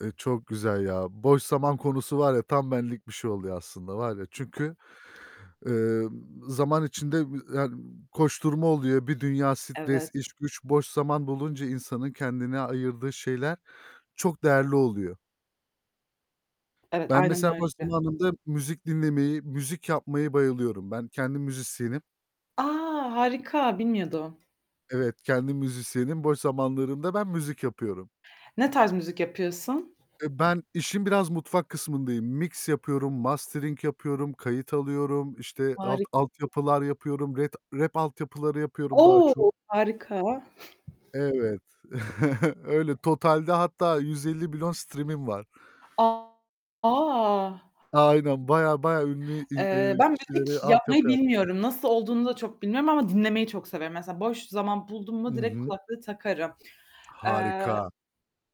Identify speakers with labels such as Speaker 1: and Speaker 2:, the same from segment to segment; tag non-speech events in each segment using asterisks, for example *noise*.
Speaker 1: Eee, çok güzel ya. Boş zaman konusu var ya tam benlik bir şey oluyor aslında var ya, çünkü, eee, zaman içinde b yani, koşturma oluyor. Bir dünya stres,
Speaker 2: Evet.
Speaker 1: iş, güç boş zaman bulunca insanın kendine ayırdığı şeyler çok değerli oluyor.
Speaker 2: Evet,
Speaker 1: Ben
Speaker 2: aynen
Speaker 1: mesela boş
Speaker 2: öyle.
Speaker 1: zamanımda müzik dinlemeyi, müzik yapmayı bayılıyorum. Ben kendim müzisyenim.
Speaker 2: A, harika! Bilmiyordum.
Speaker 1: Evet, kendim müzisyenim. Boş zamanlarımda ben müzik yapıyorum.
Speaker 2: Ne tarz müzik yapıyorsun?
Speaker 1: E, ben işin biraz mutfak kısmındayım. Mix yapıyorum, mastering yapıyorum, kayıt alıyorum, işte, alt
Speaker 2: Harika.
Speaker 1: altyapılar yapıyorum, ret rap altyapıları yapıyorum daha
Speaker 2: O,
Speaker 1: çok.
Speaker 2: harika.
Speaker 1: Evet, *chuckles* öyle, totalde hatta 150 billion stream'im var.
Speaker 2: A!
Speaker 1: Aynen, bayağı bayağı ünlü in
Speaker 2: Eee,
Speaker 1: eee,
Speaker 2: ben
Speaker 1: kişilere
Speaker 2: müzik yapmayı
Speaker 1: altyapı yaptım.
Speaker 2: bilmiyorum. Nasıl olduğunu da çok bilmiyorum ama dinlemeyi çok severim. Mesela boş zaman buldum
Speaker 1: I
Speaker 2: mu direkt
Speaker 1: hı.
Speaker 2: kulaklığı takarım. Eee,
Speaker 1: Harika.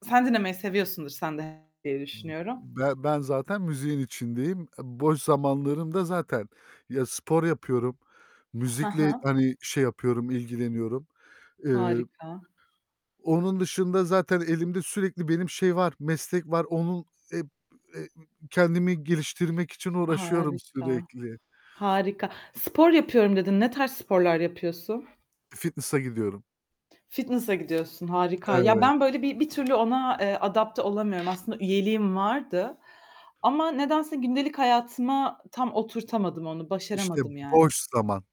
Speaker 2: sen dinlemeyi seviyorsundur sen de diye
Speaker 1: B
Speaker 2: düşünüyorum.
Speaker 1: b ben ben zaten müziğin içindeyim. E, boş zamanlarımda zaten ya, spor yapıyorum,
Speaker 2: He
Speaker 1: müzikle,
Speaker 2: he.
Speaker 1: hani, şey yapıyorum, ilgileniyorum. Eee,
Speaker 2: Harika.
Speaker 1: onun dışında zaten elimde sürekli benim şey var, meslek var. Onun hep e ı kendimi geliştirmek için uğraşıyorum
Speaker 2: Harika,
Speaker 1: sürekli.
Speaker 2: harika. Spor yapıyorum dedin. Ne tarz sporlar yapıyorsun?
Speaker 1: Fitness'a gidiyorum.
Speaker 2: Fitness'a gidiyorsun, harika. Ya,
Speaker 1: Evet.
Speaker 2: ben böyle bir bir türlü ona, eee, adapte olamıyorum. Aslında üyeliğim vardı ama nedense gündelik hayatıma tam oturtamadım onu,
Speaker 1: İşte,
Speaker 2: başaramadım yani.
Speaker 1: boş zaman.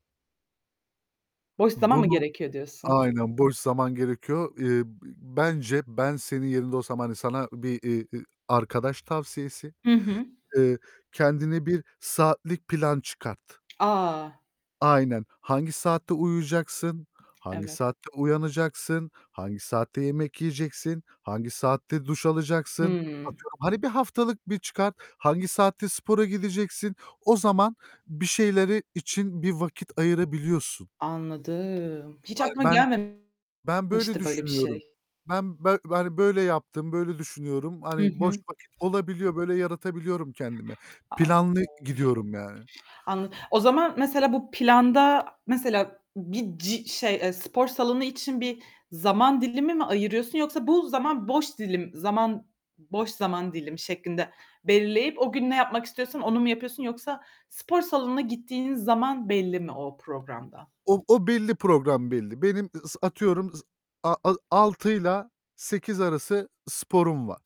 Speaker 2: Boş zaman mı
Speaker 1: Bunu,
Speaker 2: gerekiyor diyorsun.
Speaker 1: aynen boş zaman gerekiyor. Eee, b bence ben senin yerinde olsam, hani, sana bir, iii, eee, arkadaş tavsiyesi,
Speaker 2: Hı hı.
Speaker 1: eee, kendine bir saatlik plan çıkart.
Speaker 2: A!
Speaker 1: Aynen. Hangi saatte uyuyacaksın, hangi
Speaker 2: Evet.
Speaker 1: saatte uyanacaksın, hangi saatte yemek yiyeceksin, hangi saatte duş alacaksın.
Speaker 2: Hıı.
Speaker 1: Atıyorum, hani, bir haftalık bir çıkart, hangi saatte spora gideceksin, o zaman bir şeyleri için bir vakit ayırabiliyorsun.
Speaker 2: Anladım. Hiç
Speaker 1: Ay,
Speaker 2: aklıma
Speaker 1: ben
Speaker 2: gelmemişti
Speaker 1: ben böyle
Speaker 2: böyle bir
Speaker 1: düşünüyorum.
Speaker 2: şey.
Speaker 1: Ben ben böyle yaptım, böyle düşünüyorum.
Speaker 2: Hı
Speaker 1: Hani, boş
Speaker 2: hı.
Speaker 1: vakit olabiliyor, böyle yaratabiliyorum kendime.
Speaker 2: Anladım.
Speaker 1: Planlı gidiyorum yani.
Speaker 2: Anla o zaman mesela bu planda mesela bir ci şey e, spor salonu için bir zaman dilimi mi ayırıyorsun yoksa bu zaman boş dilim zaman boş zaman dilimi şeklinde belirleyip o gün ne yapmak istiyorsan onu mu yapıyorsun yoksa spor salonuna gittiğiniz zaman belli mi o programda?
Speaker 1: O o belli, program belli. Benim ı s atıyorum s a a 6'yla 8 arası sporum var.